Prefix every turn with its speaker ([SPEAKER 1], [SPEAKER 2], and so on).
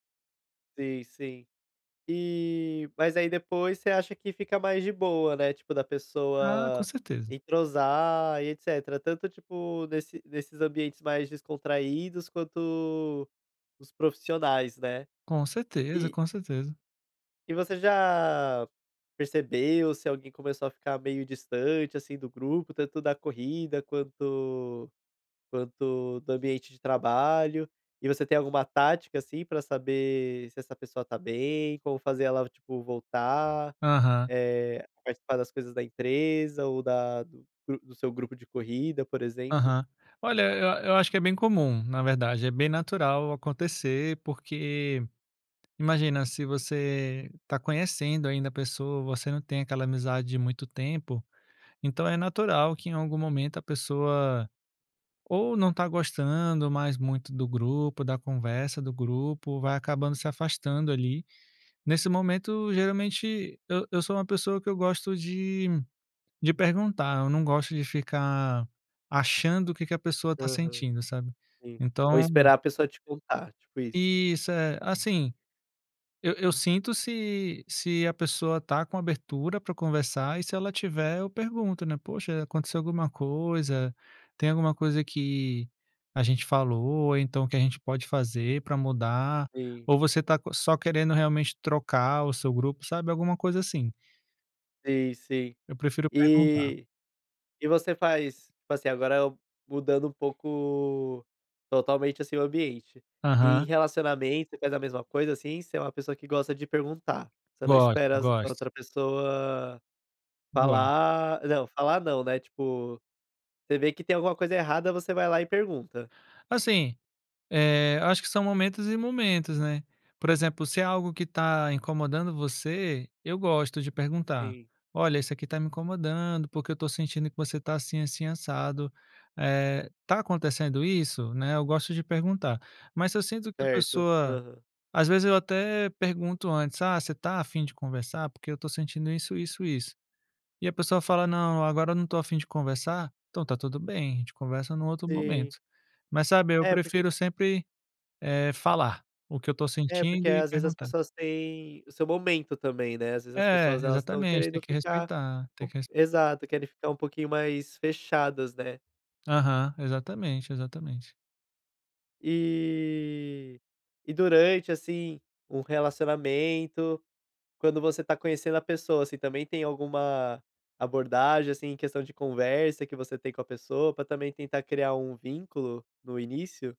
[SPEAKER 1] Sim, sim. E mas aí depois, você acha que fica mais de boa, né, tipo, da
[SPEAKER 2] Ah, com
[SPEAKER 1] pessoa
[SPEAKER 2] certeza.
[SPEAKER 1] entrosar e etcetera, tanto tipo, nesse nesses ambientes mais descontraídos, quanto os profissionais, né.
[SPEAKER 2] Com certeza,
[SPEAKER 1] E e
[SPEAKER 2] com certeza.
[SPEAKER 1] E você já percebeu se alguém começou a ficar meio distante, assim, do grupo, tanto da corrida, quanto quanto do ambiente de trabalho? E você tem alguma tática, assim, pra saber se essa pessoa está bem? Como fazer ela, tipo, voltar?
[SPEAKER 2] Aham.
[SPEAKER 1] Eh, participar das coisas da empresa, ou da do gru do seu grupo de corrida, por exemplo?
[SPEAKER 2] Aham. Olha, eu a eu acho que é bem comum, na verdade, é bem natural acontecer, porque imagina, se você está conhecendo ainda a pessoa, você não tem aquela amizade de muito tempo, então é natural que em algum momento a pessoa, ou não está gostando mais muito do grupo, da conversa do grupo, vai acabando se afastando, ali. Nesse momento, geralmente, eu eu sou uma pessoa que eu gosto de de perguntar, eu não gosto de ficar achando o que que a pessoa está
[SPEAKER 1] Aham.
[SPEAKER 2] sentindo, sabe.
[SPEAKER 1] Sim. Ou
[SPEAKER 2] Então
[SPEAKER 1] esperar a pessoa te contar, tipo isso.
[SPEAKER 2] Isso, é. Assim, eu eu sinto se se a pessoa está com abertura pra conversar, e se ela tiver eu pergunto, né: "Poxa, aconteceu alguma coisa? Tem alguma coisa que a gente falou, ou então o que a gente pode fazer pra mudar?
[SPEAKER 1] Sim.
[SPEAKER 2] Ou você está co só querendo realmente trocar o seu grupo?". Sabe, alguma coisa assim.
[SPEAKER 1] Sim, sim.
[SPEAKER 2] Eu prefiro perguntar.
[SPEAKER 1] E e você faz faz, assim, agora eu mudando um pouco totalmente, assim, o ambiente. E em
[SPEAKER 2] Aham.
[SPEAKER 1] relacionamento, você faz a mesma coisa, assim? Você é uma pessoa que gosta de perguntar, você não
[SPEAKER 2] Gosto,
[SPEAKER 1] espera as a
[SPEAKER 2] gosto.
[SPEAKER 1] outra pessoa
[SPEAKER 2] Igual.
[SPEAKER 1] falar não, falar não, né, tipo, você vê que tem alguma coisa errada, você vai lá e pergunta.
[SPEAKER 2] Assim, eh, acho que são momentos e momentos, né. Por exemplo, se é algo que está incomodando você, eu gosto de perguntar:
[SPEAKER 1] Sim.
[SPEAKER 2] "Olha, isso aqui está me incomodando, porque eu estou sentindo que você está assim, assim, assado. Eh, está acontecendo isso?". Né, eu gosto de perguntar. Mas se eu sinto que a
[SPEAKER 1] Certo,
[SPEAKER 2] pessoa
[SPEAKER 1] aham.
[SPEAKER 2] às vezes eu até pergunto antes: "Ah, você está afim de conversar? Porque eu estou sentindo isso, isso, isso". E a pessoa fala: "Não, agora eu não estou afim de conversar". Então está tudo bem, a gente conversa num outro
[SPEAKER 1] Sim.
[SPEAKER 2] momento. Mas sabe, eu
[SPEAKER 1] É, porque
[SPEAKER 2] prefiro sempre, eh, falar o que eu estou
[SPEAKER 1] É, porque
[SPEAKER 2] sentindo, e
[SPEAKER 1] às vezes as
[SPEAKER 2] perguntar.
[SPEAKER 1] pessoas têm o seu momento também, né. Às vezes as
[SPEAKER 2] É,
[SPEAKER 1] pessoas, elas estão
[SPEAKER 2] exatamente. Tem
[SPEAKER 1] querendo
[SPEAKER 2] que
[SPEAKER 1] ficar
[SPEAKER 2] respeitar, tem que resp
[SPEAKER 1] exato, querem ficar um pouquinho mais fechadas, né.
[SPEAKER 2] Aham, exatamente, exatamente.
[SPEAKER 1] E e durante, assim, um relacionamento, quando você está conhecendo a pessoa, assim, também tem alguma abordagem, assim, em questão de conversa que você tem com a pessoa, pra também tentar criar um vínculo, no início?